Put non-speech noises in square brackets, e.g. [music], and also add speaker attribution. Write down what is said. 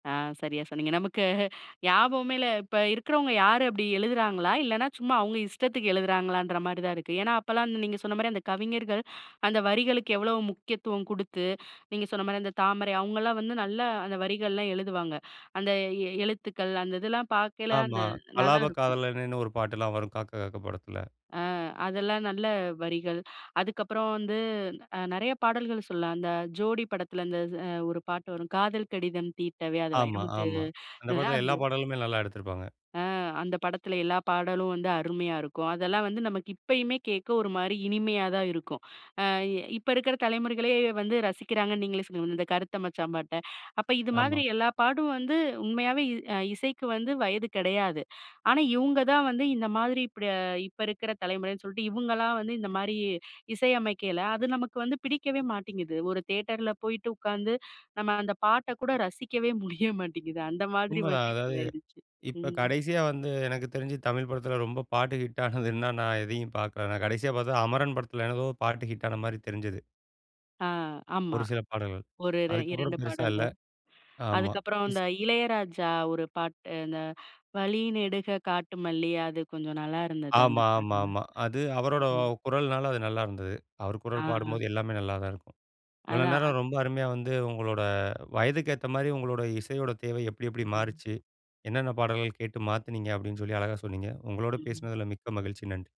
Speaker 1: ஆ சரியா சொன்னீங்க. நமக்கு ஞாபகமே இல்ல. இப்ப இருக்கிறவங்க யாரு அப்படி எழுதுறாங்களா? இல்லன்னா சும்மா அவுங்க இஷ்டத்துக்கு எழுதுறாங்களான்ற மாரிதான் இருக்கு. ஏன்னா அப்பல்லாம் அந்த நீங்கச் சொன்னா மரி அந்தக் கவிஞர்கள், அந்த வரிகளுக்கு எவ்வளவு முக்கியத்துவம் குடுத்து, நீங்கச் சொன்னமாரி அந்தத் தாமரை அவுங்கல்லாம் வந்து நல்லா அந்த வரிகள் எல்லாம் எழுதுவாங்க. அந்த எ எழுத்துக்கள் அந்த இதெல்லாம் பாக்கயில அந்த
Speaker 2: ஆமா.
Speaker 1: நல்லாருக்கும்.
Speaker 2: கலாபக்காதலனேன்னு ஒரு பாட்டுலாம் வரும் "காக்க காக்க" படத்துல.
Speaker 1: அ, அதெல்லாம் நல்ல வரிகள். அதுக்கப்புறம் வந்து அ நெறய பாடல்கள் சொல்லலாம். அந்த ஜோடி படத்துல அந்த அது ஒரு பாட்டு வரும், "காதல் கடிதம் தீட்டவே" அது
Speaker 2: ஆமா
Speaker 1: வைரமுத்து
Speaker 2: ஆமா அந்தப் படத்துல எல்லா
Speaker 1: [unintelligible]
Speaker 2: பாடல்களுமே நல்லா எடுத்துருப்பாங்க.
Speaker 1: அ. அந்தப் படத்துல, எல்லா பாடலும் வந்து அருமயா இருக்கும். அதெல்லாம் வந்து நமக்கு இப்பயுமே கேக்க ஒரு மாரி இனிமையா தான் இருக்கும். ஆ இ இப்ப இருக்கிற தலைமுறைகளே வந்து ரசிக்கிறாங்க. நீங்களே சொன்னீங்க, அந்த கருத்த மச்சான் பாட்ட. அப்ப இது மாதிரி
Speaker 2: ஆமா.
Speaker 1: எல்லா பாட்டும் வந்து உண்மையாவே அ இசைக்கு வந்து வயது கெடயாது. ஆனா இவுங்க தான் வந்து இந்த மாதிரி, இப்படி இப்ப இருக்கிற தலைமுறைனு சொல்ட்டு, இவுங்களா வந்து இந்த மாரி இசையமைக்கையில. அது நமக்கு வந்து பிடிக்கவே மாட்டேங்குது. ஒரு தியேட்டர்ல போயிட்டு உக்காந்து, நம்ம அந்தப் பாட்டக் கூட ரசிக்கவே முடிய மாட்டேங்குது. அந்த மாதிரி
Speaker 2: உண்மதான்.
Speaker 1: வந்து
Speaker 2: அதாவது
Speaker 1: இப்ப ஆயிடுச்சு.
Speaker 2: இப்ப
Speaker 1: ம்.
Speaker 2: கடைசியா வந்து, எனக்குத் தெரிஞ்சு தமிழ் படத்துல ரொம்ப பாட்டு ஹிட் ஆனது என்னான்னா, நான் எதயும் பாக்கல. நான் கடைசியா பாத்த அமரன் படத்துல ஏதோ பாட்டு ஹிட்டான மாரி தெரிஞ்சது.
Speaker 1: ஆ, ஆமா.
Speaker 2: ஒரு சில பாடல்கள்.
Speaker 1: ஒரு ரெ 2
Speaker 2: அதுக்கப்புறம் பெருசா இல்ல.
Speaker 1: பாடல்கள்.
Speaker 2: ஆமா.
Speaker 1: அதுக்கப்புறம்
Speaker 2: ஸ்
Speaker 1: அந்த இளையராஜா ஒரு பாட்டு, அந்த "வழிநெடுக காட்டுமல்லி" அது கொஞ்சம் நல்லா இருந்தது
Speaker 2: ஆமா
Speaker 1: அந்தப்
Speaker 2: ஆமா
Speaker 1: பாடல்,
Speaker 2: ஆமா. அது அவரோட
Speaker 1: ம்.
Speaker 2: குரல்னால அது நல்லா இருந்தது. அவரு
Speaker 1: ஆ.
Speaker 2: குரல் பாடும்போது எல்லாமே நல்லாதான் இருக்கும். இவ்வளோ
Speaker 1: அதான் அ
Speaker 2: நேரம் ரொம்ப அருமயா வந்து உங்களோட வயதுக்கு ஏத்த மாரி, உங்களோட இசையோட தேவை எப்டி, எப்டி
Speaker 1: ம்.
Speaker 2: மாறிச்சு? என்னான்னா பாடல்கள் கேட்டு மாத்துனீங்க! அப்படின்னு சொல்லி அழகா சொன்னீங்க. உங்களோட
Speaker 1: ம்.
Speaker 2: பேசுனதுல மிக்க மகிழ்ச்சி. நன்றி.